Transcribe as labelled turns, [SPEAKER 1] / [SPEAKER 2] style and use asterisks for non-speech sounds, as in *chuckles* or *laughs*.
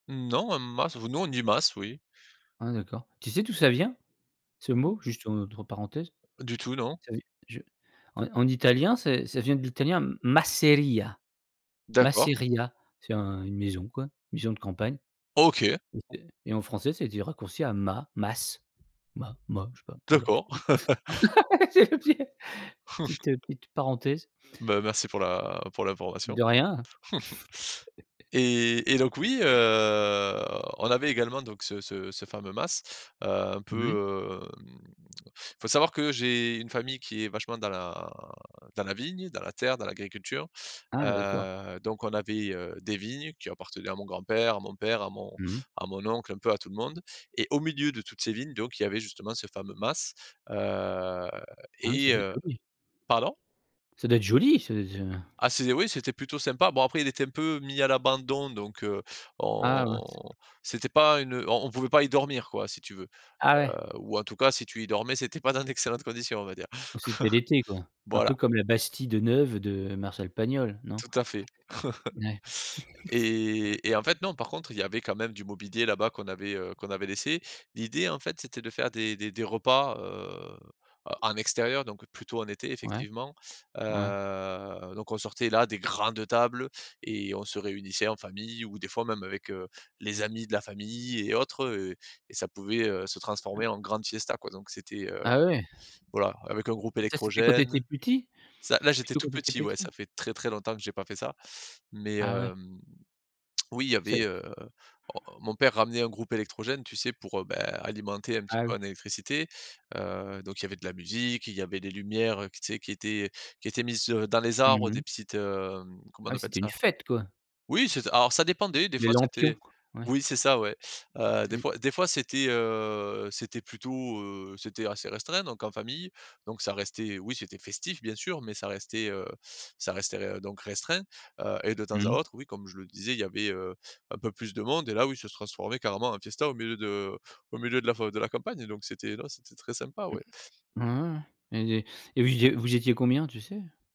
[SPEAKER 1] Non, un mas v nous, on dit mas, oui.
[SPEAKER 2] Ah d'accord, tu sais d'où ça vient? Ce mot? Juste entre parenthèses.
[SPEAKER 1] Du tout, non.
[SPEAKER 2] Ca veut d je en en italien, ça ça vient de l'italien masseria.
[SPEAKER 1] D'accord.
[SPEAKER 2] Masseria c'est un une maison, quoi, une maison de campagne
[SPEAKER 1] OK.
[SPEAKER 2] et heu, et en français, ça a été raccourci à ma mas ma ma je sais pas, voilà, c'est
[SPEAKER 1] D'accord.
[SPEAKER 2] tout.
[SPEAKER 1] *laughs*
[SPEAKER 2] *laughs* *unintelligible* petite, heu,
[SPEAKER 1] *chuckles*
[SPEAKER 2] petite parenthèse.
[SPEAKER 1] Ben, merci pour la pour l'information.
[SPEAKER 2] De rien.
[SPEAKER 1] *chuckles* Et et donc, oui,
[SPEAKER 2] *laughs*
[SPEAKER 1] heu, on avait également donc ce ce ce fameux mas, heu, un
[SPEAKER 2] Ouais.
[SPEAKER 1] peu, hem, faut savoir que j'ai une famille qui est vachement dans la dans la vigne, dans la terre, dans l'agriculture.
[SPEAKER 2] Ah d'accord.
[SPEAKER 1] Heu, donc on avait, heu, des vignes qui appartenaient à mon grand-père, à mon père, à mon
[SPEAKER 2] Mmh.
[SPEAKER 1] à mon oncle, un peu à tout le monde et au milieu de toutes ces vignes, donc il y avait, justement, ce fameux mas, heu,
[SPEAKER 2] Ah oui ça
[SPEAKER 1] et
[SPEAKER 2] devait être
[SPEAKER 1] heu
[SPEAKER 2] joli.
[SPEAKER 1] pardon?
[SPEAKER 2] Ca doit être joli ce ce
[SPEAKER 1] Ah c'est des oui, c'était plutôt sympa. Bon, après, il était un peu mis à l'abandon donc, heu,
[SPEAKER 2] Ah
[SPEAKER 1] on
[SPEAKER 2] mince.
[SPEAKER 1] c'était pas une, heu, on on pouvait pas y dormir, quoi, si tu veux,
[SPEAKER 2] Ah
[SPEAKER 1] heu.
[SPEAKER 2] ouais.
[SPEAKER 1] Ou en tout cas si tu y dormais, c'était pas dans d'excellentes conditions, on va dire.
[SPEAKER 2] Donc c'était l'été quoi,
[SPEAKER 1] *chuckles*
[SPEAKER 2] un
[SPEAKER 1] Voilà.
[SPEAKER 2] peu comme la bastide neuve de Marcel Pagnol, non?
[SPEAKER 1] Tout à fait.
[SPEAKER 2] Ouais.
[SPEAKER 1] *chuckles*
[SPEAKER 2] *chuckles*
[SPEAKER 1] Et et en fait, non, par contre, il y avait quand même du mobilier là-bas qu'on avait, heu, qu'on avait laissé. L'idée, en fait, c'était de faire des des des repas, heu, en en extérieur, donc plutôt en été
[SPEAKER 2] Ouais.
[SPEAKER 1] effectivement.
[SPEAKER 2] Ouais.
[SPEAKER 1] Heu, donc, on sortait la des grandes tables et on se réunissait en famille ou des fois même avec, heu, les amis de la famille et autres, heu, et ça pouvait, heu, se
[SPEAKER 2] Ouais.
[SPEAKER 1] transformer en grande fiesta, quoi. Donc c'était, heu,
[SPEAKER 2] Ah ouais.
[SPEAKER 1] voilà, avec un groupe
[SPEAKER 2] Et ça c'était quand tu étais
[SPEAKER 1] électrogène.
[SPEAKER 2] petit?
[SPEAKER 1] Ca là, j'étais
[SPEAKER 2] Plutôt
[SPEAKER 1] tout
[SPEAKER 2] quand tu étais
[SPEAKER 1] petit,
[SPEAKER 2] petit?
[SPEAKER 1] ouais, ça fait très, très longtemps que j'ai pas fait ça. Mais,
[SPEAKER 2] Ah ouais.
[SPEAKER 1] hem, oui, il y
[SPEAKER 2] C'est
[SPEAKER 1] avait,
[SPEAKER 2] c
[SPEAKER 1] heu, oh, mon père ramenait un groupe électrogène, tu sais, pour, heu, ben, alimenter un petit
[SPEAKER 2] Ah oui.
[SPEAKER 1] peu en électricité, heu. Donc il y avait de la musique, il y avait des lumières, heu, q tu sais, qui étaient qui étaient mises, heu, dans les arbres,
[SPEAKER 2] Mmh mh.
[SPEAKER 1] des petites, hem, comment
[SPEAKER 2] Ah
[SPEAKER 1] on
[SPEAKER 2] oui,
[SPEAKER 1] appelle
[SPEAKER 2] c'était une
[SPEAKER 1] ça?
[SPEAKER 2] fête, quoi.
[SPEAKER 1] Oui, c'est ça alors ça dépendait, des
[SPEAKER 2] Les
[SPEAKER 1] fois,
[SPEAKER 2] lampions,
[SPEAKER 1] c'était
[SPEAKER 2] ouais.
[SPEAKER 1] oui c'est ça, ouais, heu, des
[SPEAKER 2] Ouais.
[SPEAKER 1] fois des fois, c'était, heu, c'était plutôt, heu, c'était assez restreint donc en famille. Donc ça restait oui, c'était festif, bien sûr, mais ça restait, heu, ça restait r donc restreint, heu et de temps à
[SPEAKER 2] Mmh.
[SPEAKER 1] autre, oui, comme je le disais, il y avait, heu, un peu plus de monde et là oui, ça se transformait carrément en fiesta au milieu de au milieu de la f de la campagne. Donc c'était non, c'était très sympa,
[SPEAKER 2] Ouais,
[SPEAKER 1] ouais.
[SPEAKER 2] ouais, ouais. Et de et vous é et vous étiez combien, tu sais?